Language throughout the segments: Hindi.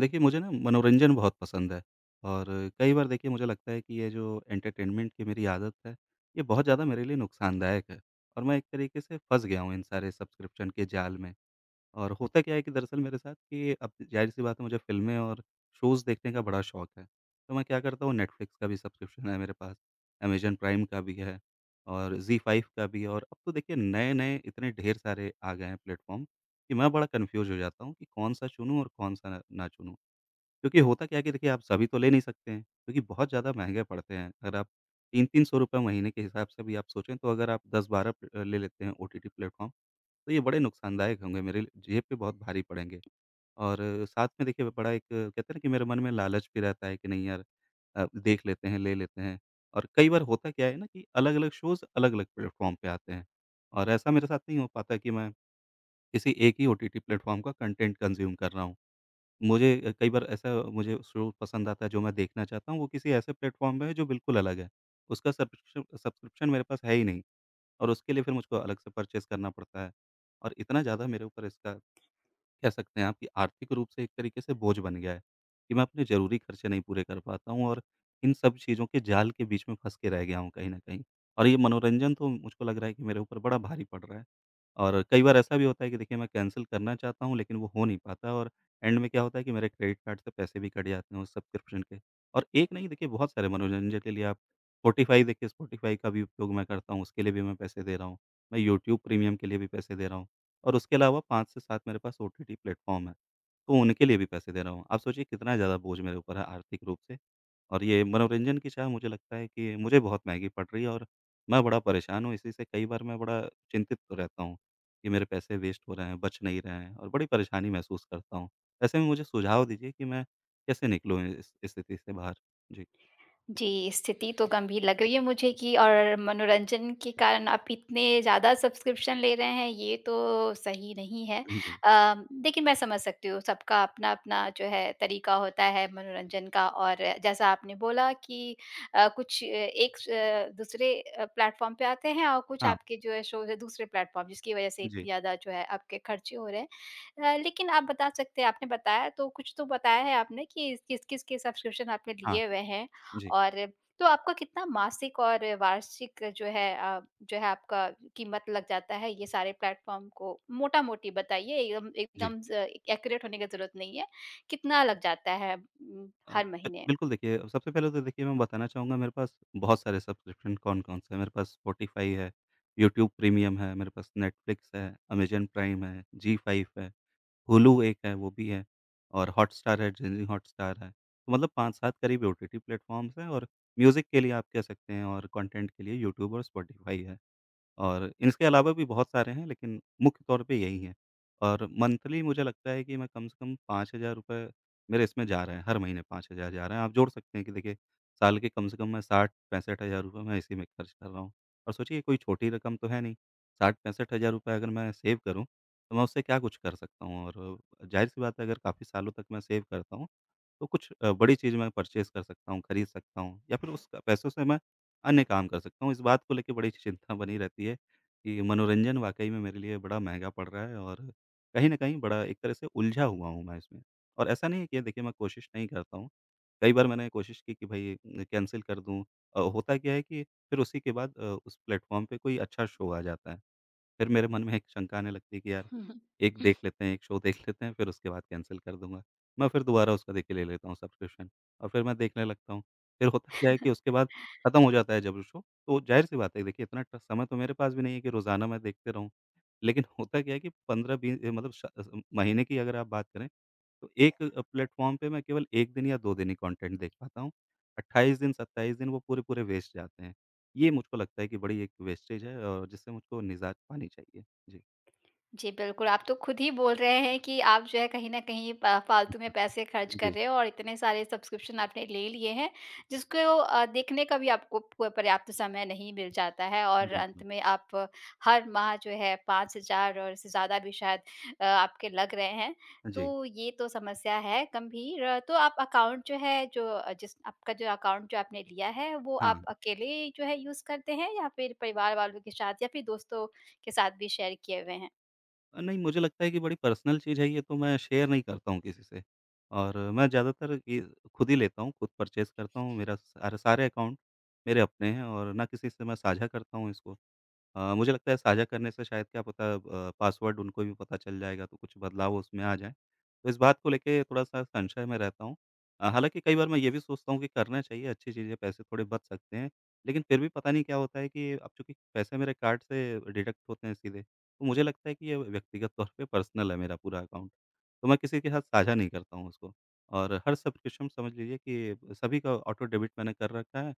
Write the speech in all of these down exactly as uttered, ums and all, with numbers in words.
देखिए, मुझे ना मनोरंजन बहुत पसंद है, और कई बार देखिए, मुझे लगता है कि ये जो एंटरटेनमेंट की मेरी आदत है, ये बहुत ज़्यादा मेरे लिए नुकसानदायक है, और मैं एक तरीके से फँस गया हूँ इन सारे सब्सक्रिप्शन के जाल में। और होता क्या है कि दरअसल मेरे साथ कि अब ज़ाहिर-सी बात है, मुझे फ़िल्में और शोज़ देखने का बड़ा शौक है, तो मैं क्या करता हूँ, नेटफ्लिक्स का भी सब्सक्रिप्शन है मेरे पास, अमेज़न प्राइम का भी है, और ज़ी फ़ाइव का भी है। और अब तो देखिए, नए-नए इतने ढेर सारे आ गए हैं प्लेटफ़ॉर्म, कि मैं बड़ा कन्फ्यूज़ हो जाता हूँ कि कौन-सा चुनूँ और कौन-सा ना चुनूँ? क्योंकि होता क्या है कि देखिए, आप सभी तो ले नहीं सकते हैं, क्योंकि बहुत ज़्यादा महँगे पड़ते हैं, अगर आप तीन तीन सौ रुपए महीने के हिसाब से भी आप सोचें, तो अगर आप दस बारह प अ, ले लेते हैं ओटीटी प्लेटफ़ॉर्म, तो ये बड़े नुकसानदायक होंगे, मेरे ल जेब पे बहुत भारी पड़ेंगे। और साथ में, देखिए, ब बड़ा एक कहते हैं ना कि मेरे मन में लालच भी रहता है कि, नहीं यार अ, देख लेते हैं, ले लेते हैं। और कई बार होता क्या है ना कि अलग-अलग शोज़ अलग-अलग प्लेटफ़ॉर्म पे आते हैं, और ऐसा मेरे साथ नहीं हो पाता कि मैं, किसी एक ही ओटीटी प्लेटफ़ॉर्म का कंटेंट कंज़्यूम कर रहा हूँ। मुझे अ, कई बार ऐसा मुझे शो पसंद आता है, जो मैं देखना चाहता हूँ, वो किसी ऐसे प्लेटफ़ॉर्म में है, जो बिल्कुल अलग है, उसका सब्शकिशुँ सब्स्क्रिप्शन मेरे पास है ही नहीं, और उसके लिए फिर मुझको अलग से परचेज़ करना पड़ता है। और इतना ज़्यादा मेरे ऊपर इसका, कह सकते हैं आप कि आर्थिक रूप से एक तरीके से बोझ बन गया है, कि मैं अपने ज़रूरी खर्चे नहीं पूरे कर पाता हूँ और इन सब चीज़ों के जाल के बीच में फँस के रह गया हूँ कहीं न कहीं, और ये मनोरंजन तो, मुझको लग रहा है कि मेरे ऊपर बड़ा भारी पड़ रहा है। और कई बार ऐसा भी होता है कि देखिए, मैं कैंसल करना चाहता हूँ, लेकिन वो हो नहीं पाता है और एंड में क्या होता है कि मेरे क्रेडिट कार्ड से पैसे भी कट जाते हैं उस सब्सक्रिप्शन के, और एक नहीं, देखिए, बहुत सारे मनोरंजन के लिए आप स्पॉटिफ़ाई, देखिए, स्पॉटिफ़ाई का भी उपयोग मैं करता हूँ, उसके लिए भी मैं पैसे दे रहा हूँ। मैं यूट्यूब प्रीमियम के लिए भी पैसे दे रहा हूँ, और उसके अलावा पाँच से सात मेरे पास ओटीटी प्लेटफ़ॉर्म हैं, तो उनके लिए भी पैसे दे रहा हूँ, आप सोचिए, कितना ज़्यादा बोझ मेरे ऊपर है आर्थिक रूप से। और ये मनोरंजन की चाह, मुझे लगता है कि मुझे बहुत महँगी पड़ रही है और मैं बड़ा परेशान हूँ इसी से, कई बार मैं बड़ा चिंतित रहता हूँ, कि मेरे पैसे वेस्ट हो रहे हैं, बच नहीं रहे हैं और बड़ी परेशानी महसूस करता हूँ। ऐसे में मुझे सुझाव दीजिए कि मैं कैसे निकलूँ इ इ इस स्थिति से बाहर। जी। जी, स्थिति तो गंभीर लग रही है मुझे कि और मनोरंजन के कारण आप इतने ज़्यादा सब्स्क्रिप्शन ले रहे हैं, ये तो सही नहीं है। हाँ जी। अ, देखिए, मैं समझ सकती हूँ, सबका अपना-अपना, जो है, तरीका होता है मनोरंजन का, और जैसा आपने बोला कि अ, कुछ अ, एक स अ, दूसरे अ, प्लेटफ़ॉर्म पे आते हैं और कुछ हाँ। आपके जो है, शोज़ हैं, दूसरे प्लेटफ़ॉर्म, जिसकी वजह से इतनी जी। ज़्यादा, जो है, आपके खर्चे हो रहे हैं। अ, लेकिन आप बता सकते हैं आपने बताया, तो कुछ तो बताया है आपने कि, किस-किस के सब्स्क्रिप्शन आपने हाँ। लिए हुए हैं, जी। और तो आपको कितना मासिक और वार्षिक, जो है अ, जो है, आपका कीमत लग जाता है ये सारे प्लेटफ़ॉर्म को मोटा-मोटी बताइए, एकदम जी। एकदम ज़ एक्यूरेट होने का ज़रूरत नहीं है। कितना लग जाता है उम, अ, हर महीने? बिल्कुल, देखिए सबसे पहले तो देखिए, मैं बताना चाहूँगा मेरे पास बहुत सारे सब्सक्रिप्शन कौन-कौन से हैं मेरे पास, स्पॉटिफ़ाई है, यूट्यूब प्रीमियम है, मेरे पास नेटफ्लिक्स है, अमेज़न प्राइम है, ज़ी-फाइव है, हुलु एक है वो भी है और हॉटस्टार है, डिज़नी हॉटस्टार है। मतलब पाँच सात करीब ये ओटीटी प्लेटफ़ॉर्म्स हैं और म्यूज़िक के लिए आप कह सकते हैं और कंटेंट के लिए यूट्यूब और स्पॉटिफ़ाई है। और इसके अलावा भी बहुत सारे हैं, लेकिन मुख्य तौर पे यही हैं, और मंथली मुझे लगता है कि मैं कम से कम पाँच हज़ार रुपए मेरे इसमें जा रहे हैं, हर महीने पाँच हज़ार जा रहे हैं। आप जोड़ सकते हैं कि देखिए, साल के कम से कम मैं साठ पैंसठ हज़ार रुपए मैं इसी में खर्च कर रहा हूँ, और सोचिए ये कोई छोटी रकम तो है नहीं, साठ पैंसठ हज़ार रुपए अगर मैं सेव करूँ, तो मैं उससे क्या कुछ कर सकता हूँ? और ज़ाहिर-सी बात है, अगर काफ़ी सालों तक मैं सेव करता हूँ, तो कुछ अ, बड़ी चीज़ मैं परचेज़ कर सकता हूँ, खरीद सकता हूँ, या फिर उस अ, पैसों से मैं अन्य काम कर सकता हूँ, इस बात को लेके बड़ी-सी चिंता बनी रहती है, कि मनोरंजन वाक़ई में मेरे लिए बड़ा महँगा पड़ रहा है, और कहीं न कहीं, बड़ा एक तरह से उलझा हुआ हूँ मैं इसमें। और ऐसा नहीं है कि देखिए, मैं कोशिश नहीं करता हूँ, कई बार मैंने कोशिश की कि भई ए न कैंसल कर दूँ अ, होता क्या है कि फिर उसी के बाद अ, उस प्लेटफ़ॉर्म पे कोई अच्छा शो आ जाता है। फिर मेरे मन में एक शंका आने लगती है कि, यार, एक देख लेते हैं, एक शो देख लेते हैं, फिर उसके बाद कैंसल कर दूँगा। मैं फिर दोबारा उसका देखिए, ले लेता हूँ सब्सक्रिप्शन, और फिर मैं देखने लगता हूँ, फिर होता क्या है कि उसके बाद खत्म हो जाता है जब वो शो, तो ज़ाहिर-सी बात है कि देखिए, इतना ट समय तो मेरे पास भी नहीं है कि रोज़ाना मैं देखते रहूँ। लेकिन होता क्या है कि पंद्रह बी ए मतलब श अज़म महीने की अगर आप बात करें, तो एक अ, प्लेटफ़ॉर्म पे मैं केवल एक दिन या दो दिन ही कॉन्टेंट देख पाता हूँ, अट्ठाईस दिन, सत्ताईस दिन वो पूरे-पूरे वेस्ट जाते हैं। ये मुझको लगता है कि बड़ी एक वेस्टेज है, और जिससे मुझको निजात पानी चाहिए। जी। जी, बिल्कुल, आप तो खुद ही बोल रहे हैं कि आप, जो है, कहीं न कहीं प फालतू में पैसे खर्च कर जी। रहे हैं और इतने सारे सब्स्क्रिप्शन आपने ले लिए हैं, जिसको अ, देखने का भी आपको प पर्याप्त समय नहीं मिल जाता है और अंत बिल्कुल। में आप हर माह, जो है, पाँच हजार और इससे ज़्यादा भी शायद अ, आपके लग रहे हैं, हाँ जी। तो ये तो समस्या है गंभीर। तो आप अकाउंट जो है, जो अ, जिस आपका जो अकाउंट जो आपने लिया है, वो आप हाँ। अकेले जो है, यूज़ करते हैं, या फिर परिवार वालों के साथ या फिर दोस्तों के साथ भी शेयर किए हुए हैं? अ, नहीं, मुझे लगता है कि बड़ी पर्सनल चीज़ है ये तो मैं शेयर नहीं करता हूँ किसी से, और मैं ज़्यादातर ये खुद ही लेता हूँ, खुद परचेज़ करता हूँ, मेरा सा सारे अकाउंट मेरे अपने हैं और ना किसी से मैं साझा करता हूँ इसको। अ, मुझे लगता है साझा करने से शायद क्या पता अ, ब पासवर्ड उनको भी पता चल जाएगा, तो कुछ बदलाव उसमें आ जाएँ, तो इस बात को लेके थोड़ा-सा संशय में रहता हूँ। अ, हालाँकि कई बार मैं ये भी सोचता हूँ कि करना चाहिए, अच्छी चीज़ है, पैसे थोड़े बच सकते हैं, लेकिन फिर भी पता नहीं क्या होता है कि अब चूँकि पैसे मेरे कार्ड से डिडक्ट होते हैं सीधे, तो मुझे लगता है कि ये व्यक्तिगत तौर पे पर्सनल है मेरा पूरा अकाउंट। तो मैं किसी के साथ साझा नहीं करता हूँ उसको। और हर सब्सक्रिप्शन समझ लीजिए कि, सभी का ऑटो डेबिट मैंने कर रखा है,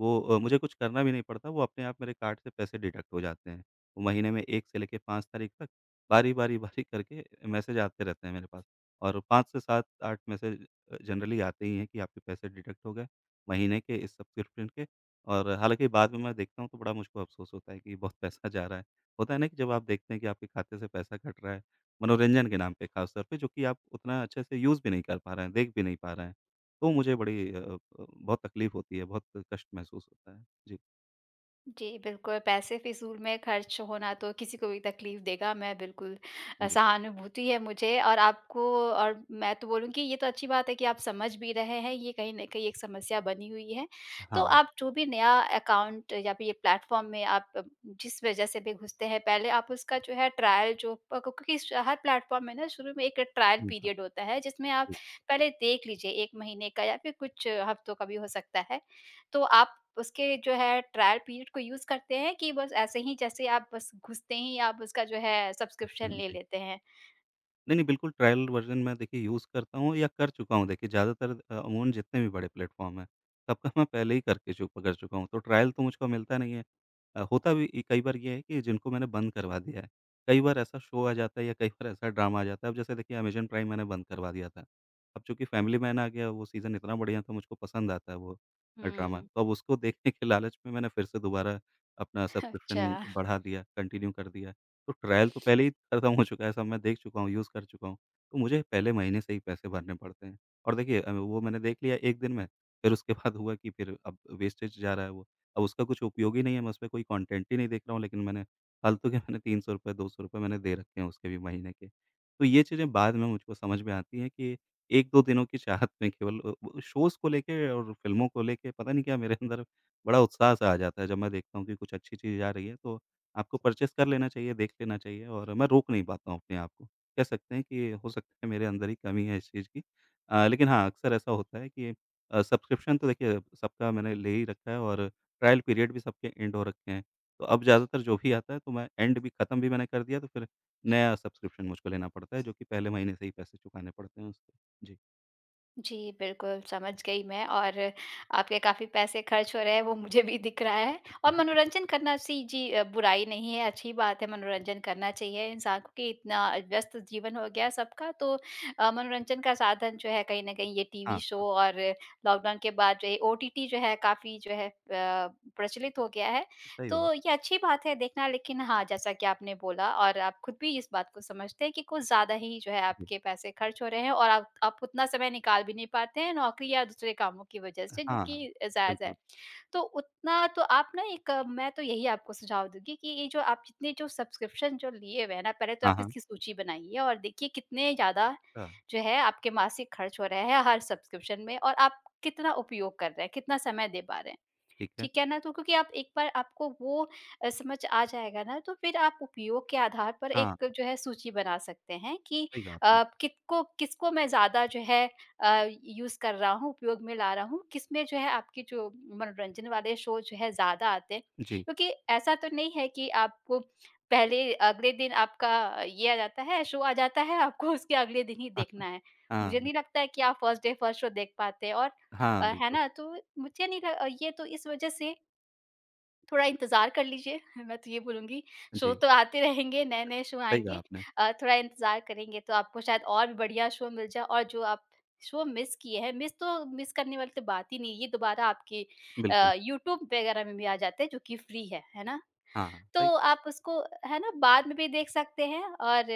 वो अ, मुझे कुछ करना भी नहीं पड़ता, वो अपने आप मेरे कार्ड से पैसे डिडक्ट हो जाते हैं। महीने में एक से लेके पाँच तारीख तक बारी-बारी बारी करके मैसेज आते रहते हैं मेरे पास, और पाँच से सात आठ मैसेज अ, जनरली आते ही हैं कि आपके पैसे डिडक्ट हो गए, महीने के इस सब्सक्रिप्शन के और हालाँकि बाद में मैं देखता हूँ तो बड़ा मुझको अफसोस होता है कि, बहुत पैसा जा रहा है। होता है ना कि जब आप देखते हैं कि आपके खाते से पैसा कट रहा है, मनोरंजन के नाम पे खास तौर पे जो कि आप उतना अच्छे से यूज़ भी नहीं कर पा रहे हैं, देख भी नहीं पा रहे हैं, तो मुझे बड़ी अ अ, बहुत तकलीफ होती है, बहुत कष्ट महसूस होता है। जी। जी, बिल्कुल। पैसे फ़िज़ूल में खर्च होना तो किसी को भी तकलीफ़ देगा मै बिल्कुल अ, जी। सहानुभूति है मुझे और आपको और मैं तो बोलूँगी ये तो अच्छी बात है कि आप समझ भी रहे हैं। ये कहीं न कहीं एक समस्या बनी हुई है, हाँ, तो हाँ। आप जो भी नया अकाउंट या फिर ये प्लेटफॉर्म में आप जिस वजह से भी घुसते हैं, पहले आप उसका जो है ट्रायल जो प को कि स हर प्लेटफॉर्म में ना शुरू में एक ट्रायल जी हाँ। पीरियड होता है, जिसमें आप जी। पहले देख लीजिए एक महीने का या फिर कुछ हफ्तों का भी हो सकता है। तो आप उसके जो है ट्रायल पीरियड को यूज़ करते हैं कि बस ऐसे ही जैसे आप बस घुसते ही आप उसका जो है ह सब्सक्रिप्शन हाँ ले जी। लेते हैं? नहीं नहीं, बिल्कुल ट्रायल वर्ज़न में देखिए यूज़ करता हूँ या कर चुका हूँ देखिए ज़्यादातर अ, अमूमन जितने भी बड़े प्लेटफॉर्म हैं, सबका मैं पहले ही करके चु कर चुका हूँ, तो ट्रायल तो मुझको मिलता नहीं है। अ, होता भी ई कई बार ये है कि जिनको मैंने बंद करवा दिया है कई बार ऐसा शो आ जाता है या कई बार ऐसा ड्रामा आ जाता है, अब जैसे देखिए अमेज़न प्राइम मैंने बंद करवा दिया था। अब चूँकि फ़ैमिली मैन आ गया, वो सीज़न इतना बढ़िया था, मुझको पसंद आता है वो अ, ड्रामा हुँ। तो अब उसको देखने के लालच में मैंने फिर से दोबारा अपना सब्सक्रिप्शन अच्छा। बढ़ा दिया, कंटिन्यू कर दिया तो ट्रायल तो पहले ही खत्म हो चुका है। सब मैं देख चुका हूँ, यूज़ कर चुका हूँ तो मुझे पहले महीने से ही पैसे भरने पड़ते हैं और देखिए अभी वो मैंने देख लिया एक दिन में फिर उसके बाद हुआ कि फिर अब वेस्टेज जा रहा है वो अब उसका कुछ उपयोग ही नहीं है। मैं उसमें कोई कंटेंट ही नहीं देख रहा हूँ लेकिन मैंने फालतू के मैंने तीन सौ रुपए, दो सौ रुपए मैंने दे रखे हैं उसके भी महीने के। तो ये चीज़ें बाद में मुझको समझ में आती हैं कि एक दो दिनों की चाहत में केवल अब अ, शोज़ को लेके और फ़िल्मों को लेके पता नहीं क्या मेरे अंदर बड़ा उत्साह-सा आ जाता है। जब मैं देखता हूँ कि कुछ अच्छी चीज़ आ रही है तो आपको परचेज़ कर लेना चाहिए, देख लेना चाहिए और मैं रोक नहीं पाता हूँ अपने आप को। कह सकते हैं कि हो सकता है मेरे अंदर ही कमी है इस चीज़ की अ, लेकिन हाँ, अक्सर ऐसा होता है कि अ, सब्सक्रिप्शन तो देखिए सबका मैंने ले ही रखा है और ट्रायल पीरियड भी सबके एंड हो रखे हैं। तो अब ज़्यादातर जो भी आता है तो मैं एंड भी खत्म भी मैंने कर दिया, तो फिर नया सब्सक्रिप्शन मुझको लेना पड़ता है जो कि पहले महीने से ही पैसे चुकाने पड़ते हैं उसके। जी। जी, बिल्कुल समझ गई मैं और आपके काफ़ी पैसे ख़र्च हो रहे हैं, वो मुझे भी दिख रहा है। और मनोरंजन करना सी जी अ, बुराई नहीं है, अच्छी बात है, मनोरंजन करना चाहिए। इंसानों के इतना व्यस्त जीवन हो गया सबका। तो अ, मनोरंजन का साधन जो है कहीं न कहीं ये टीवी हाँ, शो हाँ। और लॉकडाउन के बाद ये ओटीटी जो है काफ़ी जो है अ, प्रचलित हो गया है। सही बात। तो ये अच्छी बात है देखना, लेक़िन हाँ जैसा कि आपने बोला और आप ख़ुद भी इस बात को समझते हैं कि कुछ ज़्यादा ही जो है जी। आपके पैसे ख़र्च हो रहे हैं और आप आप उतना समय निकाल भी नहीं पाते हैं नौकरी या दूसरे कामों की वजह हाँ, से जो हाँ। कि जायज़ है। बिल्कुल। तो उतना तो आप न एक, मैं तो यही आपको सुझाव दूँगी कि ये जो आप इतने जो सब्सक्रिप्शन जो लिए हुए हैं ना, पहले तो हाँ, आप हाँ। इसकी सूची बनाइए और देखिए कितने ज़्यादा हाँ। जो है आपके मासिक ख़र्च हो रहे हैं हर सब्सक्रिप्शन में और आप कितना उपयोग कर रहे हैं, कितना समय दे पा रहे हैं। ठीक है। ठीक है ना तो क्योंकि आप एक बार आपको वो अ, समझ आ जाएगा ना, तो फ़िर आप उपयोग के आधार पर हाँ। एक जो है सूची बना सकते हैं कि सही कहा आपने। आप अ, कितकों किसको मैं ज़्यादा जो है अ, यूज़ कर रहा हूँ, उपयोग में ला रहा हूँ, किसमें जो है आपके जो मनोरंजन वाले शो जो हैं ज़्यादा आते हैं। जी। क्योंकि ऐसा तो नहीं है कि आपको पहले अगले दिन आपका ये आ जाता है शो आ जाता है, आपको उसके अगले दिन ही देखना है। हाँ। मुझे नहीं बिल्क लगता है कि आप फर्स्ट डे फर्स्ट शो देख पाते हैं। और हाँ, अ, है बिल्कुल। ना? तो मुझे नहीं ये तो इस वजह से थोड़ा इंतजार कर लीजिए मैं तो ये बोलूँगी शो जी। तो आते रहेंगे, नए-नए शो सही कहा आएँगे। आपने। अ, थोड़ा इंतजार करेंगे तो आपको शायद और भी बढ़िया शो मिल जाए। और जो आप शो मिस किए हैं मिस तो मिस करने वाली तो बात ही नहीं ये दोबारा आपके बिल्कुल। अ, यूट्यूब वग़ैरह में भी आ जाते हैं जो कि फ्री हैं। है ना? हाँ, हाँ, तो सही आप उसको है ना बाद में भी देख सकते हैं और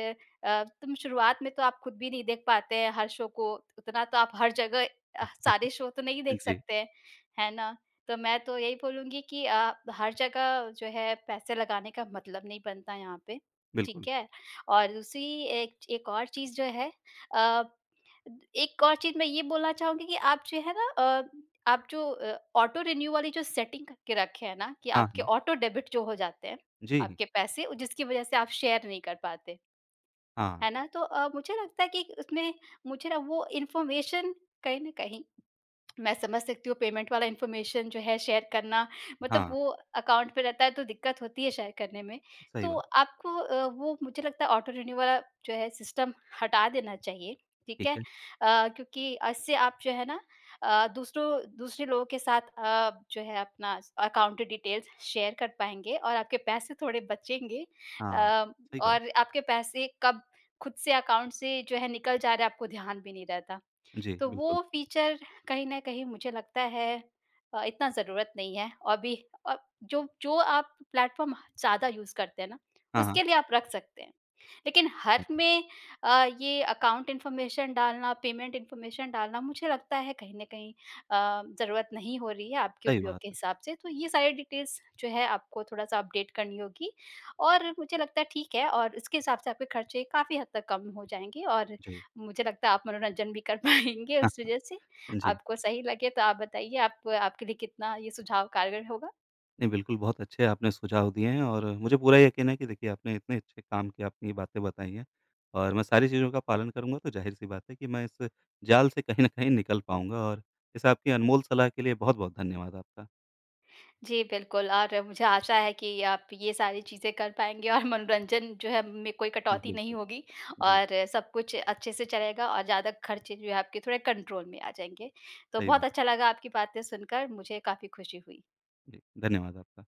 अ, तुम शुरुआत में तो आप ख़ुद भी नहीं देख पाते हैं हर शो को। उतना तो आप हर जगह अ, सारे शो तो नहीं देख जी। सकते हैं ना? तो मैं तो यही बोलूँगी कि अ, हर जगह जो है पैसे लगाने का मतलब नहीं बनता यहाँ पे। बिल्कुल। ठीक है? और दूसरी एक एक और चीज़ जो है, अ, एक और चीज़ मैं ये बोलना चाहूँगी कि आप जो ना अ, आप जो अ, ऑटो रिन्यु वाली जो सेटिंग करके रखे हैं ना, कि हाँ, आपके हाँ। ऑटो डेबिट जो हो जाते हैं जी। आपके पैसे, जिसकी वजह से आप शेयर नहीं कर पाते। हाँ। है ना? तो अ, मुझे लगता है कि उसमें मुझे ना वो इन्फॉर्मेशन कहीं न कहीं मैं समझ सकती हूँ पेमेंट वाला इन्फॉर्मेशन जो है शेयर करना मतलब हाँ। वो अकाउंट पे रहता है तो दिक़्क़त होती है शेयर करने में। सही तो बात। आपको अ, वो मुझे लगता है ऑटो रिन्यु वाला जो है सिस्टम हटा देना चाहिए। ठीक ठीक है? है। अ, क्योंकि अ, इससे आप जो है ना अ, दूसरों दूसरे लोगों के साथ अ, आप जो है अपना अकाउंट डिटेल्स शेयर कर पाएँगे और आपके पैसे थोड़े बचेंगे अ, हाँ, सही कहा। और आपके पैसे कब ख़ुद से अकाउंट से जो है निकल जा रहा हैं, आपको ध्यान भी नहीं रहता। जी, तो बिल्कुल। वो फीचर कहीं न कहीं मुझे लगता है अ, इतना ज़रूरत नहीं है और भी अ, जो जो आप प्लेटफॉर्म ज़्यादा यूज़ करते हैं ना, हाँ, हाँ। उसके लिए आप रख सकते हैं। लेक़िन हर में अ, ये अकाउंट इन्फॉर्मेशन डालना, पेमेंट इन्फॉर्मेशन डालना मुझे लगता है कहीं न कहीं अ, ज़रूरत नहीं हो रही है आपके सही उपयोग के बात। हिसाब से। तो ये सारे डिटेल्स जो हैं आपको थोड़ा-सा अपडेट करनी होगी। और मुझे लगता है ठीक है और इसके हिसाब से आपके ख़र्चे काफ़ी हद तक कम हो जाएँगे और जी। मुझे लगता है आप मनोरंजन भी कर पाएँगे उस वजह से। जी। आपको सही लगे तो आप बताइए आप आपके लिए कितना ये सुझाव कारगर होगा? नहीं, बिल्कुल बहुत अच्छे आपने सुझाव दिए हैं और मुझे पूरा यकीन है कि देखिए आपने इतने अच्छे काम की अपनी बातें बताई हैं और मैं सारी चीज़ों का पालन करूँगा तो ज़ाहिर-सी बात है कि मैं इस जाल से कहीं न कहीं निकल पाऊँगा और इस आपकी अनमोल सलाह के लिए बहुत-बहुत धन्यवाद आपका। जी, बिल्कुल और मुझे आशा है कि आप ये सारी चीज़ें कर पाएँगे और मनोरंजन जो है में कोई हाँ कटौती नहीं बिल्कुल, होगी जी। और सब-कुछ अच्छे से चलेगा और ज़्यादा ख़र्चे जो हैं आपके थोड़े कंट्रोल में आ जाएँगे। तो सही बहुत बात। अच्छा लगा आपकी बातें सुनकर मुझे काफ़ी खुशी हुई। जी, धन्यवाद आपका।